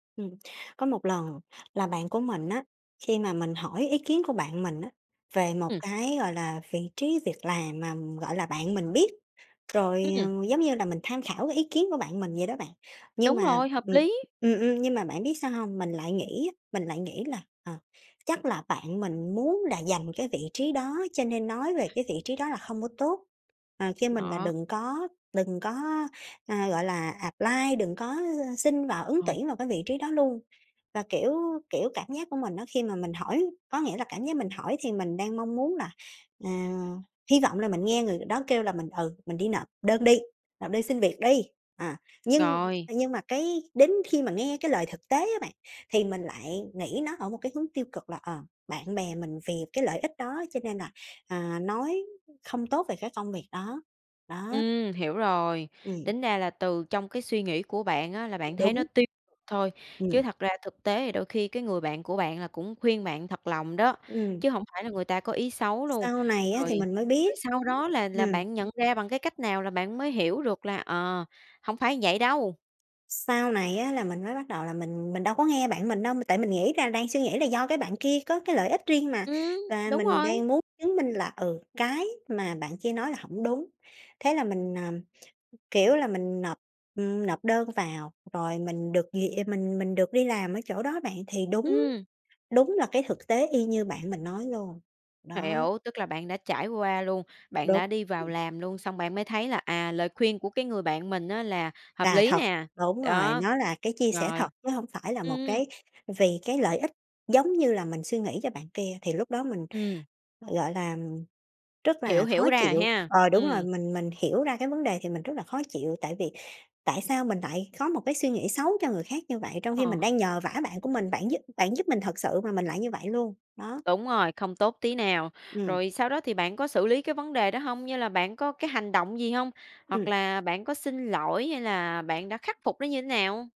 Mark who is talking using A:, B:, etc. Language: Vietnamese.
A: Ừm, có một lần là bạn của mình á, khi mà mình hỏi ý kiến của bạn mình á về một
B: Ừm.
A: cái, gọi là, vị trí việc làm mà, gọi là, bạn mình biết. Rồi,
B: Ừm.
A: ờ, giống như là mình tham khảo cái ý kiến của bạn mình vậy đó bạn. Nhưng
B: Đúng
A: mà,
B: rồi, hợp
A: ừm
B: lý!
A: ừm, ừm, nhưng mà bạn biết sao hông? Mình lại nghĩ á, mình lại nghĩ là, ờ, chắc là bạn mình muốn là giành cái vị trí đó, cho nên nói về cái vị trí đó là hông có tốt, ờ, kêu mình là
B: Đó.
A: đừng có đừng có, ờ, gọi là, apply, đừng có, ư, xin vào ứng
B: Ờ.
A: tuyển vào cái vị trí đó luôn. Và, kiểu kiểu, cảm giác của mình á khi mà mình hỏi có nghĩa là cảm giác mình hỏi thì mình đang mong muốn là, à hy vọng là mình nghe người đó kêu là mình, ừ, mình đi nộp đơn đi, nộp đơn xin việc đi. À, nhưng
B: Rồi.
A: nhưng mà cái đến khi mà nghe cái lời thực tế á bạn, thì mình lại nghĩ nó ở một cái hướng tiêu cực là, ờ, bạn bè mình vì cái lợi ích đó cho nên là, à, nói không tốt về cái công việc đó. Đó.
B: Ừm, hiểu rồi.
A: Ừm.
B: Tính ra là từ trong cái suy nghĩ của bạn á là bạn thấy nó
A: Đúng.
B: tiêu thôi, chứ
A: Ừm.
B: thật ra thực tế đôi khi cái người bạn của bạn là cũng khuyên bạn thật lòng đó,
A: Ừm.
B: chứ hổng phải là người ta có ý xấu luôn.
A: Sau này á
B: Rồi
A: thì mình mới biết.
B: rồi sau đó là là
A: Ừm.
B: bạn nhận ra bằng cái cách nào là bạn mới hiểu được là, ờ, hổng phải vậy đâu?
A: Sau này á là mình mới bắt đầu là mình mình đâu có nghe bạn mình đâu, m tại mình nghĩ là đang suy nghĩ là do cái bạn kia có cái lợi ích riêng mà.
B: Ừm,
A: Và
B: đúng
A: mình
B: rồi!
A: đang muốn chứng minh là, ừ, cái mà bạn kia nói là hổng đúng. Thế là mình, à, kiểu là, mình nộp, ừm, nộp đơn vào rồi mình được duyệt mình mình được đi làm ở chỗ đó bạn, thì đúng
B: Ừm.
A: đúng là cái thực tế y như bạn mình nói luôn. Đó.
B: Hiểu, tức là bạn đã trải qua luôn, bạn
A: Đúng,
B: đã đi vào
A: ừm.
B: làm luôn, xong bạn mới thấy là, à, lời khuyên của cái người bạn mình á là hợp
A: Là
B: lý
A: thật,
B: nè.
A: đúng rồi,
B: Đó.
A: nó là cái chia sẻ thật,
B: Rồi.
A: chớ hông phải là một
B: Ừm.
A: cái vì cái lợi ích giống như là mình suy nghĩ cho bạn kia, thì lúc đó mình,
B: Ừm.
A: gọi là, ừm, rất
B: Hiểu
A: là khó
B: hiểu ra rồi
A: chịu.
B: ha.
A: Ờ, đúng rồi,
B: Ừm.
A: mình mình hiểu ra cái vấn đề thì mình rất là khó chịu tại vì tại sao mình lại có một cái suy nghĩ xấu cho người khác như vậy? Trong khi mình
B: Ờ.
A: đang nhờ vả bạn của mình, bạn giúp bạn giúp mình thật sự mà mình lại như vậy luôn. Đó.
B: Đúng rồi, không tốt tí nào.
A: Ừm.
B: Rồi sau đó thì bạn có xử lý cái vấn đề đó hông? Như là bạn có cái hành động gì hông? Hoặc
A: Ừm.
B: là bạn có xin lỗi hay là bạn đã khắc phục nó như nào hông?